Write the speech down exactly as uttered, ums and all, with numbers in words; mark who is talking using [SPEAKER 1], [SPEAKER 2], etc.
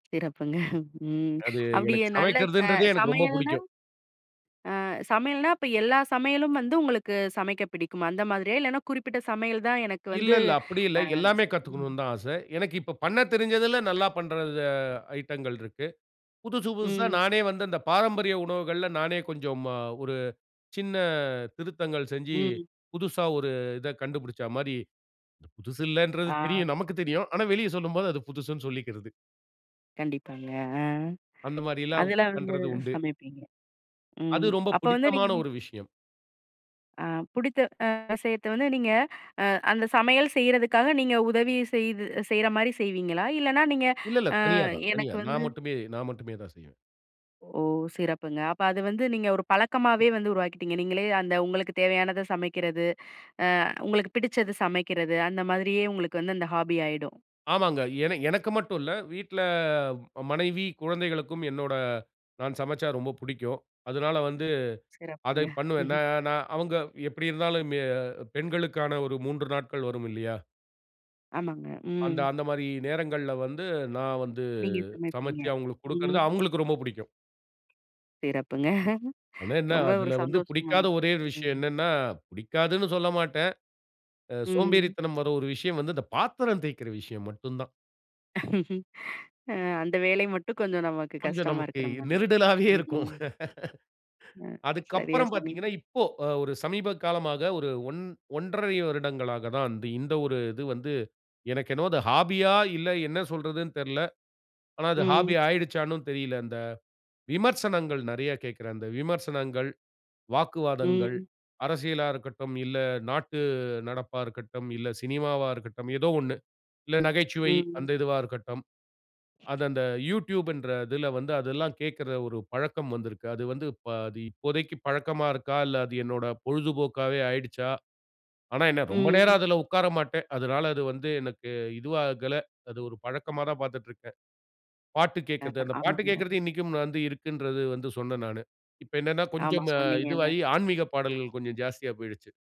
[SPEAKER 1] சிறப்புங்க. ம்.
[SPEAKER 2] அது
[SPEAKER 1] அப்பிடியே
[SPEAKER 2] எனக்கு
[SPEAKER 1] நல்ல அ
[SPEAKER 2] சமைக்கிறதுன்றதே எனக்கு ரொம்ப
[SPEAKER 1] சமையல்னா!
[SPEAKER 2] பிடிக்கும்.
[SPEAKER 1] ஆ சமையல்னா அப்ப எல்லா சமையலும் வந்து உங்களுக்கு சமைக்க பிடிக்குமா! அந்த மாதிரியா? இல்லன்னா குறிப்பிட்ட சமையல் தான் எனக்கு
[SPEAKER 2] இல்ல
[SPEAKER 1] வந்து
[SPEAKER 2] இல்ல அப்பிடி இல்ல.
[SPEAKER 1] அ
[SPEAKER 2] எல்லாமே
[SPEAKER 1] சரி ம். [unintelligible]
[SPEAKER 2] கத்துக்கணுன்தான் ஆசை. எனக்கு இப்போ பண்ணத் தெரிஞ்சதுல நல்லா பண்ற இத ஐட்டங்கள் இருக்கு. புதிது புதுசு புதுசா
[SPEAKER 1] ம்.
[SPEAKER 2] நானே வந்து இந்த பாரம்பரிய உணவுகள்ல நானே கொஞ்சம் ம அ ஒரு சின்ன திருத்தங்கள் செஞ்சு,
[SPEAKER 1] ம்.
[SPEAKER 2] புதுசா ஒரு இத கண்டுபிடிச்சமாரி புதுசு இல்லன்றது தெரியும்.
[SPEAKER 1] ஆ.
[SPEAKER 2] நமக்குத் தெரியும். ஆனா வெளிய சொல்லும்போது அது புதுசுன்னு சொல்லிக்கிறது.
[SPEAKER 1] கண்டிப்பாங்க. ஆ
[SPEAKER 2] அந்தமாரி எல்லாம்
[SPEAKER 1] அதெல்லாம் வந்து
[SPEAKER 2] பண்றது உண்டு.
[SPEAKER 1] சமைப்பீங்க.
[SPEAKER 2] அது
[SPEAKER 1] ம்
[SPEAKER 2] ரொம்ப
[SPEAKER 1] அப்போ வந்து
[SPEAKER 2] பிடித்தமான
[SPEAKER 1] நீங்க
[SPEAKER 2] ஒரு விஷயம்.
[SPEAKER 1] ஆ பிடித்த அ விசயத்த வந்து நீங்க அ அந்த சமையல் செய்றதுக்காக நீங்க உதவி செய்து செய்றமாரி செய்வீங்களா! இல்லன்னா நீங்க
[SPEAKER 2] இல்ல இல்ல
[SPEAKER 1] அ
[SPEAKER 2] தனியா தான்,
[SPEAKER 1] எனக்கு
[SPEAKER 2] தனியா.
[SPEAKER 1] வந்து
[SPEAKER 2] நான் மட்டுமே! நான் மட்டுமே தான் செய்வேன்.
[SPEAKER 1] ஓ! சிறப்புங்க. அப்ப அது வந்து நீங்க ஒரு பழக்கமாவே வந்து உருவாக்கிட்டீங்க. நீங்களே அந்த உங்களுக்கு தேவையானத சமைக்கிறது, அ உங்களுக்கு பிடிச்சது சமைக்கிறது அந்த மாதிரியே உங்களுக்கு வந்து அந்த ஹாபி ஆயிடும்.
[SPEAKER 2] ஆமாங்க. ஏனா எனக்கு மட்டும் இல்ல, வீட்ல ம மனைவி, குழந்தைகளுக்கும் என்னோட நான் சமைச்சா ரொம்ப பிடிக்கும். அதனால வந்து அதை
[SPEAKER 1] சிறப்புங்க.
[SPEAKER 2] பண்ணுவேன். நான் நான் அவுங்க எப்பிடி இருந்தாலும் மெ பெண்களுக்கான ஒரு மூன்று நாட்கள் வரும் இல்லயா!
[SPEAKER 1] ஆமாங்க.
[SPEAKER 2] அந்த,
[SPEAKER 1] ம்.
[SPEAKER 2] அந்தமாரி நேரங்கள்ல வந்து நான் வந்து
[SPEAKER 1] நீங்க சமைப்பீங்க.
[SPEAKER 2] சமைச்சு அவுங்களுக்கு கொடுக்கிறது
[SPEAKER 1] ம்
[SPEAKER 2] அவுங்களுக்கு ரொம்ப பிடிக்கும்.
[SPEAKER 1] சிறப்புங்க.
[SPEAKER 2] அதே என்ன
[SPEAKER 1] ரொம்ப ஒரு
[SPEAKER 2] அதில வந்து
[SPEAKER 1] சந்தோஷம்
[SPEAKER 2] பிடிக்காத
[SPEAKER 1] எனக்கு,
[SPEAKER 2] ஒரே ஒரு விஷயம்
[SPEAKER 1] ம்.
[SPEAKER 2] என்னன்னா, பிடிக்கான்னு சொல்லமாட்டேன். அ
[SPEAKER 1] ம்.
[SPEAKER 2] சோம்பேறித்தனம் வர்ற ஒரு விஷயம் வந்து இந்த பாத்திரம் தேய்க்கிற விஷயம் மட்டும் தான்.
[SPEAKER 1] அ அந்த வேலை மட்டும் கொஞ்சம் நமக்கு
[SPEAKER 2] கொஞ்சம்
[SPEAKER 1] கஷ்டமா
[SPEAKER 2] நமக்கு
[SPEAKER 1] இருக்கிறமாரி.
[SPEAKER 2] நெருடலாவே
[SPEAKER 1] ம்,
[SPEAKER 2] இருக்கும்.
[SPEAKER 1] ம். அ
[SPEAKER 2] அதுக்குகு
[SPEAKER 1] சரியா
[SPEAKER 2] அப்புறம் பார்த்தீங்கன்னா,
[SPEAKER 1] சொன்னீங்க.
[SPEAKER 2] இப்போ அ ஒரு சமீப காலமா ஒரு ஒன் ஒன்றரை வருடங்களா தான் வந்து இந்த ஒரு இது வந்து எனக்கு என்னமோ அது ஹாபி ஆ இல்ல என்ன சொல்றதுன்னு தெரில. ஆனா அது
[SPEAKER 1] ம்.
[SPEAKER 2] ஹாபியா ஆயிடுச்சான்னு தெரியல. விமர்சனங்கள் நிறைய கேட்கிறேன். அந்த விமர்சனங்கள், வாக்குவாதங்கள்,
[SPEAKER 1] ம்.
[SPEAKER 2] அரசியலாக இருக்கட்டும், இல்ல நாட்டு நடப்பா இருக்கட்டும், இல்ல சினிமாவா இருக்கட்டும். ஏதோ ஒன்னு. இல்ல நகைச்சுவை
[SPEAKER 1] ம்
[SPEAKER 2] அந்த இதுவா இருக்கட்டும். அது அந்த Youtube ன்ற இதில வந்து அதெல்லாம் கேட்கிற ஒரு பழக்கம் வந்திருக்கு. அது வந்து பா தி இப்போதைக்கு பழக்கமா இருக்கா? இல்ல அது என்னோட பொழுதுபோக்காவே ஆயிடுச்சா? ஆனா என்ன ரொம்ப நேரம்
[SPEAKER 1] ம்.
[SPEAKER 2] அதில உட்கார மாட்டேன். அதனால அது வந்து எனக்கு இதுவாகல. அது ஒரு பழக்கமா தான் பார்த்துட்டு இருக்கேன். பாட்டு
[SPEAKER 1] ஆ,
[SPEAKER 2] கேட்கிறது. அந்த பாட்டு
[SPEAKER 1] ஆமாங்க.
[SPEAKER 2] கேட்கிறது இன்னக்கும் வந்து இருக்குன்றது வந்து சொன்னேன் நானு. இப்ப என்னன்னா,
[SPEAKER 1] ஆமா.
[SPEAKER 2] கொஞ்சம்
[SPEAKER 1] சொன்னீங்கல்ல.
[SPEAKER 2] இதுவாகி ஆன்மீகப் பாடல்கள் கொஞ்சம் ஜாஸ்தியா போயிடுச்சு.